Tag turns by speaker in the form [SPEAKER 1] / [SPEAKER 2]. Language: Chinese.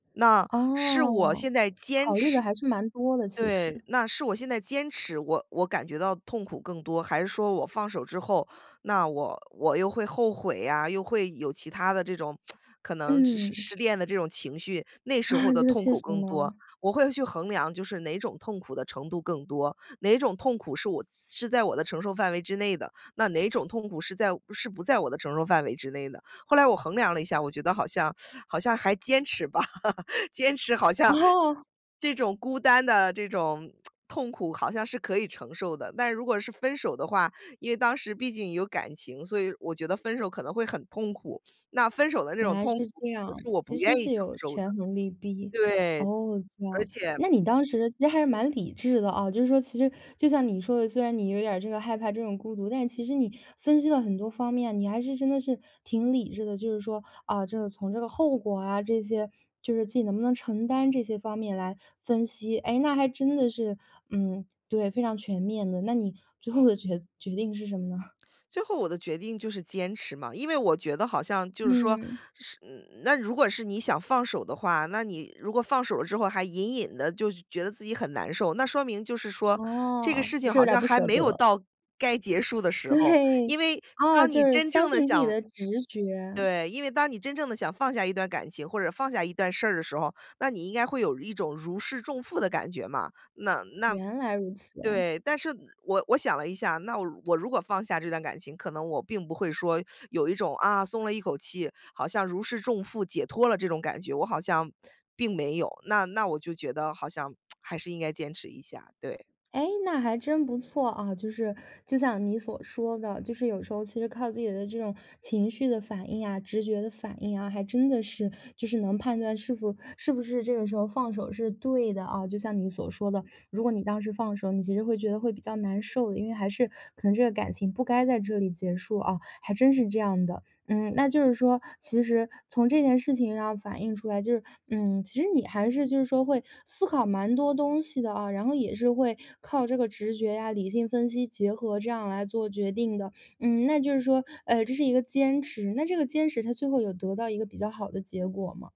[SPEAKER 1] 那是我
[SPEAKER 2] 哦，
[SPEAKER 1] 现在坚
[SPEAKER 2] 考虑得
[SPEAKER 1] 持
[SPEAKER 2] 还是蛮多的，其
[SPEAKER 1] 对
[SPEAKER 2] 实。
[SPEAKER 1] 那是我现在坚持，我我感觉到痛苦更多，还是说我放手之后，那我我又会后悔呀，又会有其他的这种 可能失失
[SPEAKER 2] 嗯。
[SPEAKER 1] 失恋的这种情绪，那时候 的
[SPEAKER 2] 这个
[SPEAKER 1] 痛
[SPEAKER 2] 确
[SPEAKER 1] 苦
[SPEAKER 2] 实
[SPEAKER 1] 更多，
[SPEAKER 2] 呢。
[SPEAKER 1] 我会去衡量。就是哪种痛苦的程度更多，哪种痛苦是我是是在我的承受范围之内的，那哪种痛苦是在是不在我的承受范围之内的。后来我衡量了一下，我觉得好像 好像还坚持吧，坚持好像
[SPEAKER 2] 哦！
[SPEAKER 1] 这种孤单的这种 痛苦好像是可以承受的。但如果是分手的话，因为当时毕竟有感情，所以我觉得分手可能会很痛苦，那分手的这
[SPEAKER 2] 原
[SPEAKER 1] 种
[SPEAKER 2] 来是
[SPEAKER 1] 痛苦，
[SPEAKER 2] 这样，
[SPEAKER 1] 是我不
[SPEAKER 2] 其实
[SPEAKER 1] 愿意
[SPEAKER 2] 是
[SPEAKER 1] 承
[SPEAKER 2] 有
[SPEAKER 1] 受的。
[SPEAKER 2] 权衡利弊。
[SPEAKER 1] 对，
[SPEAKER 2] 哦，这
[SPEAKER 1] 而
[SPEAKER 2] 样。
[SPEAKER 1] 且
[SPEAKER 2] 那你当时其实还是蛮理智的啊，就是说其实就像你说的，虽然你有点儿这个害怕这种孤独，但是其实你分析了很多方面，你还是真的是挺理智的。就是说，啊，这个从这个后果啊这些，就是自己能不能承担这些方面来分析，哎，那还真的是，嗯，对，非常全面的，那你最后的决决定是什么呢？
[SPEAKER 1] 最后我的决定就是坚持嘛。因为我觉得好像就是说，
[SPEAKER 2] 嗯。
[SPEAKER 1] 是嗯，那如果是你想放手的话，那你如果放手了之后，还隐隐地就觉得自己很难受，那说明就是说，这个
[SPEAKER 2] 哦，
[SPEAKER 1] 事
[SPEAKER 2] 还
[SPEAKER 1] 情
[SPEAKER 2] 是有
[SPEAKER 1] 好
[SPEAKER 2] 点儿
[SPEAKER 1] 像
[SPEAKER 2] 不
[SPEAKER 1] 还
[SPEAKER 2] 舍
[SPEAKER 1] 没有
[SPEAKER 2] 得。
[SPEAKER 1] 到该结束的时候。
[SPEAKER 2] 对。
[SPEAKER 1] 因为
[SPEAKER 2] 哦，
[SPEAKER 1] 当
[SPEAKER 2] 就
[SPEAKER 1] 你
[SPEAKER 2] 是
[SPEAKER 1] 真
[SPEAKER 2] 相
[SPEAKER 1] 正地
[SPEAKER 2] 信自己
[SPEAKER 1] 想，
[SPEAKER 2] 的直觉。
[SPEAKER 1] 对，因为当你真正地想放下一段感情，或者放下一段事儿的时候，那你应该会有一种如释重负的感觉嘛。那那
[SPEAKER 2] 原来如此哎。
[SPEAKER 1] 对，但是我我想了一下，那我我如果放下这段感情，可能我并不会说有一种，啊，松了一口气，好像如释重负解脱了这种感觉，我好像并没有，那那我就觉得好像 还是应该坚持一下，对。
[SPEAKER 2] 哎，那还真不错啊。就是就像你所说的，就是有时候其实靠自己的这种情绪的反应啊，直觉的反应啊，还真的是就是能判断是否是不是这个时候放手是对的啊。就像你所说的，如果你当时放手，你其实会觉得会比较难受的，因为还是可能这个感情不该在这里结束哦，还真是这样的。嗯，那就是说，其实从这件事情上反映出来，就是嗯，其实你还是就是说会思考蛮多东西的啊。然后也是会靠这个直觉呀，理性分析结合，这样来做决定的，嗯，那就是说，呃这是一个坚持。那这个坚持它最后有得到一个比较好的结果吗？